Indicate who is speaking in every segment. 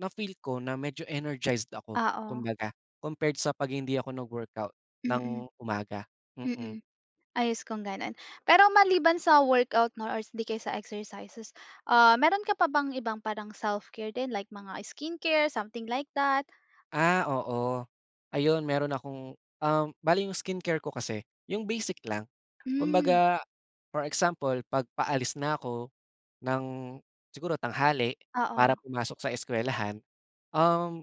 Speaker 1: Na-feel ko na medyo energized ako.
Speaker 2: Oo.
Speaker 1: Kumbaga, compared sa 'pag hindi ako nag-workout
Speaker 2: Mm.
Speaker 1: ng umaga, mm.
Speaker 2: Mm. Ayos kong gano'n. Pero, maliban sa workout 'no, or hindi kaysa exercises, ah, meron ka pa bang ibang parang self-care din like mga skincare, something like that?
Speaker 1: Ah, oo, ayun meron akong, um bale yung skincare ko kasi yung basic lang.
Speaker 2: Hmm.
Speaker 1: Kumbaga, for example 'pag paalis na ko ng siguro tanghali para
Speaker 2: Oo.
Speaker 1: pumasok sa eskuwelahan, um,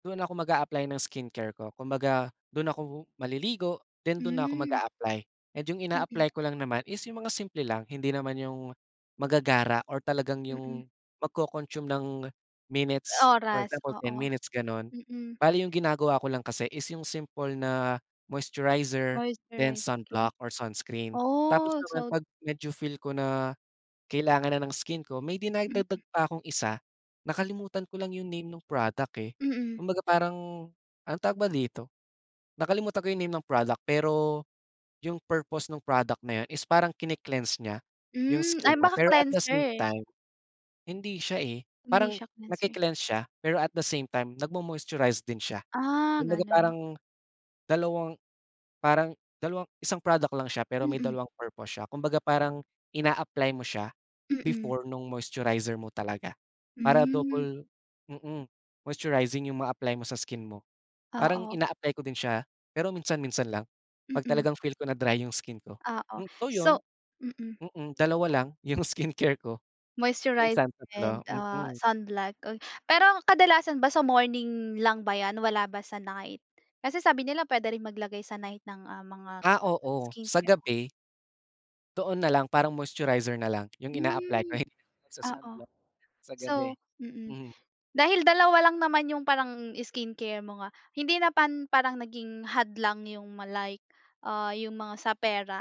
Speaker 1: dun ako mag-a-apply ng skincare ko. Kumbaga, dun ako maliligo. Then, dun na 'ko
Speaker 2: Hmm.
Speaker 1: mag-a-apply, and yung
Speaker 2: Mm.
Speaker 1: ina-apply ko lang naman is yung mga simple lang. Hindi naman yung magagara or talagang
Speaker 2: Mm.
Speaker 1: yung mag-co-consume ng minutes. For
Speaker 2: Oras,
Speaker 1: example, 10
Speaker 2: oo.
Speaker 1: minutes gano'n.
Speaker 2: Mm.
Speaker 1: Bale yung ginagawa ko lang kasi is yung simple na moisturizer, then
Speaker 2: Moisturize, okey.
Speaker 1: sunblock or sunscreen. Tapos,
Speaker 2: Oh,
Speaker 1: naman
Speaker 2: so
Speaker 1: 'pag medyo feel ko na, kailangan na ng skin ko may dinadagdag
Speaker 2: Mm.
Speaker 1: pa kong isa, nakalimutan ko lang yung name nung product, eh.
Speaker 2: Mm.
Speaker 1: Kumbaga, parang ang tawag ba dito nakalimutan ko yung name ng product. Pero, yung purpose nung product na yun is parang kine-cleanse niya yung
Speaker 2: Hmm,
Speaker 1: skin
Speaker 2: ay
Speaker 1: mo,
Speaker 2: baka
Speaker 1: pero at the same
Speaker 2: cleanser.
Speaker 1: time hindi siya, eh,
Speaker 2: Hindi
Speaker 1: parang
Speaker 2: siya cleanser.
Speaker 1: nagke-cleanse siya, pero at the same time nag-mo-moisturize din siya.
Speaker 2: Ah
Speaker 1: Kumbaga,
Speaker 2: gano'n.
Speaker 1: parang dalawang parang dalawang isang product lang siya pero may
Speaker 2: Mm.
Speaker 1: dalawang purpose siya. Kumbaga, parang ina-apply mo siya,
Speaker 2: Mm.
Speaker 1: before nung moisturizer mo talaga, para
Speaker 2: Hmm.
Speaker 1: double, mm, moisturizing yung mga apply mo sa skin mo. Parang,
Speaker 2: Oo.
Speaker 1: ina-apply ko din siya, pero minsan-minsan lang. Pag
Speaker 2: Mm.
Speaker 1: talagang feel ko na dry yung skin ko.
Speaker 2: Oo,
Speaker 1: So
Speaker 2: so
Speaker 1: yun,
Speaker 2: mm.
Speaker 1: mm, 2 lang yung skincare ko.
Speaker 2: Moisturized
Speaker 1: Minsan
Speaker 2: and,
Speaker 1: 3
Speaker 2: ah,
Speaker 1: mm.
Speaker 2: sunblock. Pero, kadalasan ba sa morning lang ba 'yan? Wala ba sa night? Kasi, sabi nila puwede rin maglagay sa night ng, ah, mga
Speaker 1: Ah, oo sa
Speaker 2: skincare.
Speaker 1: gabi. Doon na lang, parang moisturizer na lang yung ina-apply ko,
Speaker 2: Hmm,
Speaker 1: hindi na ako
Speaker 2: oo.
Speaker 1: nag-sa-sunblock sa gabi.
Speaker 2: So, mm,
Speaker 1: Hmm.
Speaker 2: dahil dalawa lang naman yung parang skincare mo nga, hindi na pan parang naging hadlang yung ma like, ah, yung mga sa pera?